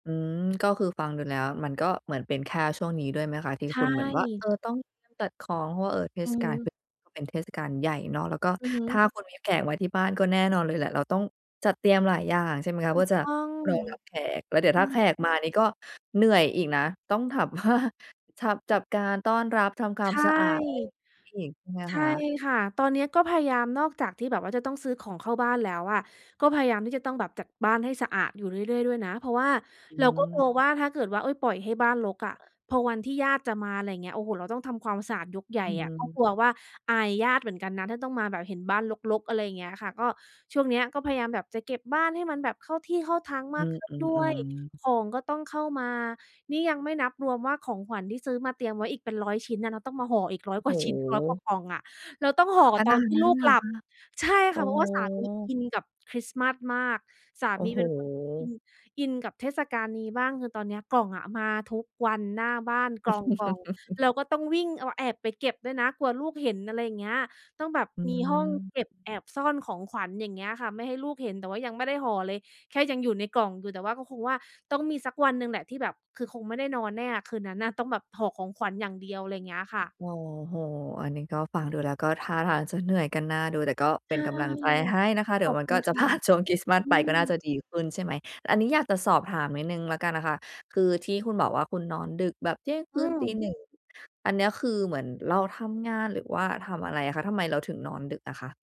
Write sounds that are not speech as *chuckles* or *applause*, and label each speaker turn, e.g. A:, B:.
A: อืม ก็คือฟังดูแล้วมันก็เหมือนเป็นแค่ช่วงนี้ด้วยไหมคะ? ที่
B: ใช
A: คุณเหมือนว่า เอ
B: ่
A: อ ต้องตัดของ เพราะว่า เออ เท
B: อื
A: ศ
B: อ
A: กาล
B: ฮึ
A: พ เป็นเทศกาลใหญ่เนาะ แล้วก็
B: อือฮ
A: ถ
B: ึ
A: ้าคุณมีแขกมาที่บ้านก็แน่นอนเลยแหละ เราต้องจัดเตรียมหลายอย่างใช่ไหมคะ?
B: ถ
A: เพ
B: ู
A: ื่อ
B: ก
A: จะ
B: ต้อง
A: รองรับแขก แล้วเดี๋ยว
B: อื
A: ถ้าแข
B: อ
A: กมานี่ก็เหนื่อยอีกนะ ต้องถาม ว่า ชับ จับการต้อนรับ ทำควา
B: ใ
A: ม
B: ช่
A: สะอาดอะไร อีกใช่ไหม
B: ใช
A: ค
B: ่
A: ะ?
B: ค่ะ ตอนนี้ก็พยายามนอกจากที่แบบว่า จะต้องซื้อของเข้าบ้านแล้วอะ ก็พยายามที่จะต้องแบบจัดบ้านให้สะอาดอยู่เรื่อย ๆ ด้วยนะ เพราะว่า
A: อ
B: เราก็กล
A: ืม
B: ัวว่า ถ้าเกิดว่า ปล่อยให้บ้านรกอะ พอวันที่ญาติจะมาอะไรเงี้ย โอ้โฮ เราต้องทำความสะอาดยกใหญ
A: อ
B: ่
A: ื
B: อะ ก็
A: ม
B: กลัวว่า อายญาติเหมือนกันนะถ้าต้องมาแบบเห็นบ้านรก ๆ อะไรเงี้ยค่ะ ก็ช่วงเนี้ยก็พยายามแบบจะเก็บบ้านให้มันแบบเข้าที่เข้าทาง
A: อ
B: ม
A: ื
B: ากขึ้นด้ว
A: อ
B: ย
A: ๆ ๆ
B: ของก็ต้องเข้ามา นี่ยังไม่นับรวมว่า ของขวัญที่ซื้อมาเตรียมไว้อีกเป็น 100 ชิ้นน่ะต้องมาห่ออีก ร้
A: โ
B: อ
A: อ
B: ย
A: ้
B: ก
A: โ
B: ว่าชิ้น 100 กว่า
A: ฮ
B: กล่องอะ เราต้องห
A: ข
B: ่อก
A: ข
B: ับต
A: น
B: อน
A: าด
B: ที่
A: นั
B: ล
A: ้
B: ู
A: น
B: ก
A: เหร
B: หล
A: อ
B: ับ
A: คะ
B: ใช่
A: โอ
B: ค
A: ้
B: ่ะ เพรา
A: โ
B: ะว่าสามีอ
A: ฮ
B: ินกับคริสต์มาสมาก สา
A: โอ้
B: มี
A: โฮ
B: เป็นคนที่อิน อินกับเทศกาลนี้บ้าง คือตอนเนี้ยกล่องอะ มาทุกวันหน้าบ้านกล่อง
A: *chuckles*
B: ๆ เราก็ต้องวิ่งแอบไปเก็บด้วยนะ กลัวลูกเห็น อะไรอย่างเงี้ย ต้องแบบ
A: อื
B: มีห้อง
A: ม
B: เก็บแอบซ่อนของขวัญอย่างเงี้ยค่ะ ไม่ให้ลูกเห็น แต่ว่ายังไม่ได้ห่อเลย แค่ยังอยู่ในกล่องอยู่ แต่ว่าก็คงว่า ต้องมีสักวันหนึ่งแหละที่แบบ คือคงไม่ได้นอนแน่อะคืนนั้นน่ะ ต้องแบบห่อของขวัญอย่างเดียว อะไรเงี้ยค่ะ
A: โอ้โฮ อันนี้ก็ฟังดูแล้ว ก็ท่าทางจะเหนื่อยกันน่าดู แต่ก็
B: ใ
A: เ
B: ช
A: ป็
B: ่
A: นกำลังใจให้นะคะ เด
B: ข
A: ี๋ย
B: อ
A: ว
B: บ
A: มั
B: ค
A: น
B: ุ
A: ก็
B: ณ
A: จ
B: ค
A: ะพ
B: ่ะ
A: ลาดช่วงคริสต์มาส
B: อื
A: ไปก็น่าจ
B: อ
A: ะดีขึ้นใช่ไหม? อันนี้อยากจะสอบถามนิดหนึ่งแล้วกันนะคะ คือที่คุณบอกว่า คุณนอนดึกแบบเที่ยงค
B: อื
A: ืนตี
B: ม
A: 1 อันเนี้ยคือเหมือนเราทำงาน หรือว่าทำอะไรอะคะ? ทำไมเราถึงนอนดึกอะคะ?